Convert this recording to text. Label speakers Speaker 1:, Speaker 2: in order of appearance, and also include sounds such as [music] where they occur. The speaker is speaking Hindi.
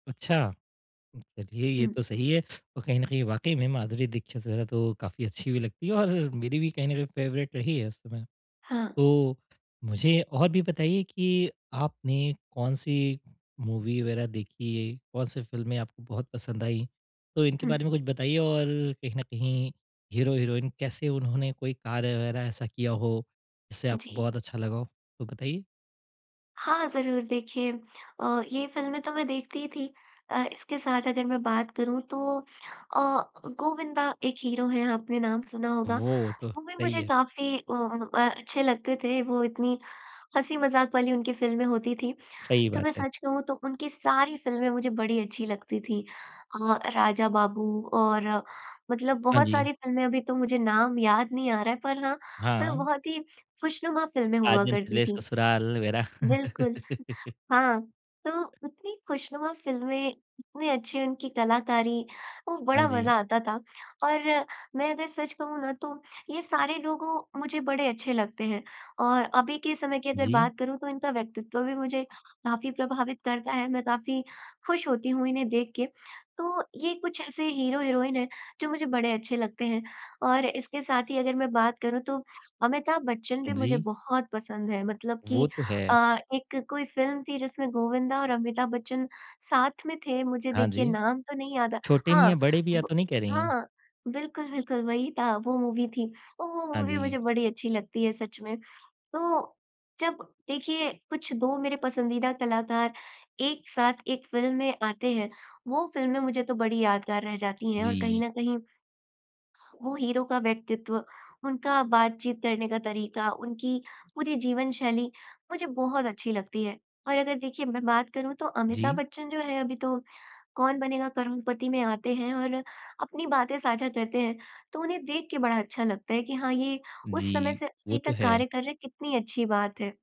Speaker 1: अच्छा, उ चलिए ये
Speaker 2: हुँ।
Speaker 1: तो सही है और कहीं न कहीं वाक़ई में माधुरी दीक्षित वगैरह तो काफ़ी अच्छी भी लगती है और मेरी भी कहीं न कहीं फेवरेट रही है उस समय।
Speaker 2: हाँ।
Speaker 1: तो मुझे और भी बताइए कि आपने कौन-सी मूवी वगैरह देखी है? कौन-सी फिल्में आपको बहुत पसंद आई? तो इनके
Speaker 2: हुँ।
Speaker 1: बारे में कुछ बताइए और कहीं न कहीं हीरो-हीरोइन कैसे उन्होंने कोई कार्य वगैरह ऐसा किया हो, जिससे आपको
Speaker 2: जी।
Speaker 1: बहुत अच्छा लगा हो तो बताइए।
Speaker 2: हाँ, ज़रूर देखिए अ, ये फ़िल्में तो मैं देखती ही थी। अ, इसके साथ अगर मैं बात करूँ तो अ, गोविंदा एक हीरो है आपने नाम सुना होगा,
Speaker 1: वो तो
Speaker 2: वो भी
Speaker 1: सही
Speaker 2: मुझे
Speaker 1: है।
Speaker 2: काफ़ी ओ अ, अच्छे लगते थे वो इतनी हँसी-मजाक वाली उनकी फ़िल्में होती थी
Speaker 1: सही
Speaker 2: तो
Speaker 1: बात
Speaker 2: मैं
Speaker 1: है।
Speaker 2: सच कहूँ तो उनकी सारी फ़िल्में मुझे बड़ी अच्छी लगती थी। अ, राजा बाबू और मतलब
Speaker 1: हाँ
Speaker 2: बहुत
Speaker 1: जी।
Speaker 2: सारी फ़िल्में अभी तो मुझे नाम याद नहीं आ रहा है पर हाँ, मतलब
Speaker 1: हाँ।
Speaker 2: बहुत ही खुशनुमा फ़िल्में हुआ
Speaker 1: साजन
Speaker 2: करती
Speaker 1: चले
Speaker 2: थी
Speaker 1: ससुराल मेरा।
Speaker 2: बिल्कुल,
Speaker 1: [laughs]
Speaker 2: हाँ, तो उतनी खुशनुमा फ़िल्में इतने अच्छी उनकी कलाकारी, वो
Speaker 1: हाँ
Speaker 2: बड़ा मज़ा
Speaker 1: जी।
Speaker 2: आता था, और मैं अगर सच कहूँ ना तो ये सारे लोगों मुझे बड़े अच्छे लगते हैं। और अभी के समय की अगर
Speaker 1: जी।
Speaker 2: बात करूँ तो इनका व्यक्तित्व भी मुझे काफ़ी प्रभावित करता है, मैं काफ़ी खुश होती हूँ इन्हें देख के। तो ये कुछ ऐसे हीरो-हीरोइन है जो मुझे बड़े अच्छे लगते हैं और इसके साथ ही अगर मैं बात करूँ तो अमिताभ बच्‍चन भी मुझे
Speaker 1: जी।
Speaker 2: बहुत पसंद है मतलब कि
Speaker 1: वो तो है।
Speaker 2: अ, एक कोई फ़िल्म थी जिसमें गोविंदा और अमिताभ बच्चन साथ में थे मुझे
Speaker 1: हाँ
Speaker 2: देखिए
Speaker 1: जी,
Speaker 2: नाम तो नहीं याद
Speaker 1: छोटे
Speaker 2: हाँ,
Speaker 1: मियाँ बड़े मियाँ
Speaker 2: ब
Speaker 1: तो नहीं कह रही है?
Speaker 2: हाँ, बिल्कुल, बिल्कुल, वही था वो मूवी थी औ वो
Speaker 1: हाँ
Speaker 2: मूवी मुझे
Speaker 1: जी।
Speaker 2: बड़ी अच्छी लगती है सच में। तो जब देखिए कुछ 2 मेरे पसंदीदा कलाकार 1 साथ 1 फ़िल्म में आते हैं, वो फ़िल्में मुझे तो बड़ी यादगार रह जाती हैं और कहीं
Speaker 1: जी।
Speaker 2: न कहीं, वो हीरो का व्यक्तित्व उनका बातचीत करने का तरीका उनकी पूरी जीवनशैली, मुझे बहुत अच्छी लगती है। और अगर देखिए मैं बात करूँ तो अमिताभ
Speaker 1: जी।
Speaker 2: बच्चन जो हैं अभी तो कौन बनेगा करोड़पति में आते हैं और अपनी बातें साझा करते हैं तो उन्हें देख के बड़ा अच्छा लगता है कि हाँ, ये उस समय
Speaker 1: जी,
Speaker 2: से
Speaker 1: वो
Speaker 2: अभी
Speaker 1: तो
Speaker 2: तक
Speaker 1: है।
Speaker 2: कार्य कर रहे हैं कितनी अच्छी बात है।